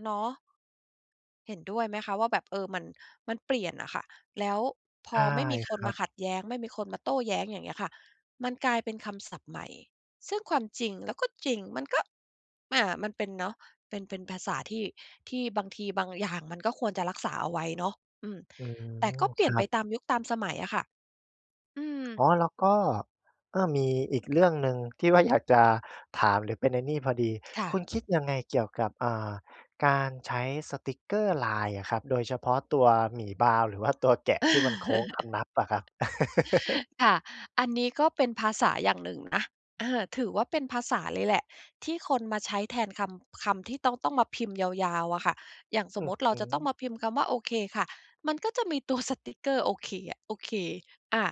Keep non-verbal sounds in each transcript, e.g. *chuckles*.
เนาะ เห็นด้วยไหมคะว่าแบบ เอ่อ มัน มันเปลี่ยนอะค่ะ แล้วพใชอ่ไม่มีคคนรัมาบ ขัดแย้งไม่มีคนมาโต้แย้ง อย่างเงี้ยค่ะ มันกลายเป็นคำศัพท์ใหม่ ซึ่งความจริง แล้วก็จริง มันก็ อ่า มันเป็นเนาะ เป็น เป็นภาษาที่ ที่บางทีบางอย่างมันก็ควรจะรักษาเอาไว้เนาะ อืม อืแต่กม ็เปคลี่รยนัไปบ ตามยุค ตามสมัยอะค่ะ อืม อ๋อ แล้วก็ เอ่อ มีอีกเรื่องหนึ่งที่ว่าอยากจะถาม หรือเป็นไอ้นี่พอดี ค่คะ ุณ คิดยังไงเกี่ยวกับ อ่า การใช้สติกเกอร์ไลน์อะครับ โดยเฉพาะตัวหมีบราวน์ หรือว่าตัวแกะที่มันโค้งคำนับอะครับ? *laughs* *laughs* ค่ะ อันนี้ก็เป็นภาษาอย่างหนึ่งนะ เออ ถือว่าเป็นภาษาเลยแหละ ที่คนมาใช้แทนคำ คำที่ต้อง ต้องมาพิมพ์ยาว ๆ อะค่ะ อย่างสอมืมอุติเรฮาจะตึ ้องมาพิมพ์คำว่า โอเคค่ะ มันก็จะมี ตัว สติกเกอร์โอเคอะ โอเค อะ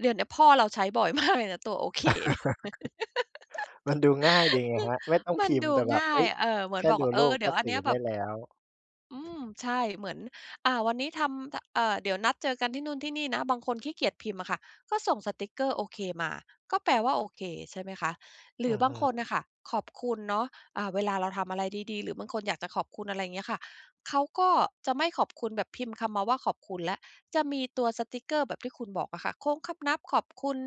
เดี๋ยวเนี้ยพ่อเราใช้บ่อย มาก เลยนะตัว โอเคเนี่ย *laughs* มันดูง่ายดีไงครับ ไม่ต้*laughs* องมพันิมพด์ูแต่แบงบ ่เาอ๊ย ย เอ่อ เหมแืคอน่บอกดูว่า เอ่รูอ ปเดกี็๋ยวอัสนื่เนอี้ยไแดบ้บ แล้ว อืม ใช่ เหมือน อ่า วันนี้ทำจะ อ่า เดี๋ยวนัดเจอกันที่นู่นที่นี่นะ บางคนขี้เกียจพิมพ์อะค่ะ ก็ส่งสติกเกอร์โอเคมา ก็แปลว่า โอเค ใช่ไหมคะ? หรอืืออบฮาึ งคนน่ะค่ะ ขอบคุณเนาะ อ่า เวลาเราทำอะไรดี ๆ หรือบางคนอยากจะขอบคุณ อะไรเงี้ยค่ะ เขาก็จะไม่ขอบคุณแบบพิมพ์คำมาว่าขอบคุณแล้ว จะมีตัวสติกเกอร์แบบที่คุณบอกอะค่ะ โค้งคำนับขอบคุณ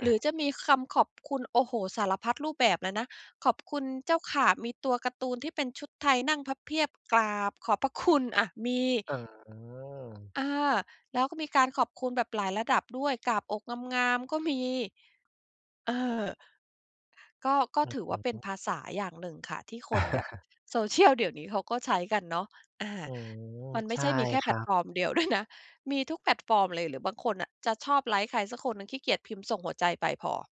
หรือจะมีคำขอบคุณ โอ้โฮ สารพัดรูปแบบเลยนะ ขอบคุณเจ้าค่ะ มีตัวการ์ตูนที่เป็นชุดไทยนั่งพับเพียบกราบขอบพระคุณอะ มี อ๋อ อ่า แล้วก็มีการขอบคุณแบบหลายระดับด้วย กราบอกงาม ๆ ก็มี เอ่อ ก็ ก็อืถือว่าอเปฮ็นึ ภาษาอย่างหนึ่งค่ะ ที่คนแบบ *chuckles* social เดี๋ยวนี้เขาก็ใช้กันเนาะ อา อืม มันไมใ่ชใ่ช่มีแค่คแพลรัตบ ฟอร์ม ด้วยนะ มีทุกแพลตฟอร์มเลย หรือบางคนน่ะ จะชอบไลฟ์ใครสักคนหนึ่ง ขี้เกียจพิมพ์ส่งหัวใจไปพอ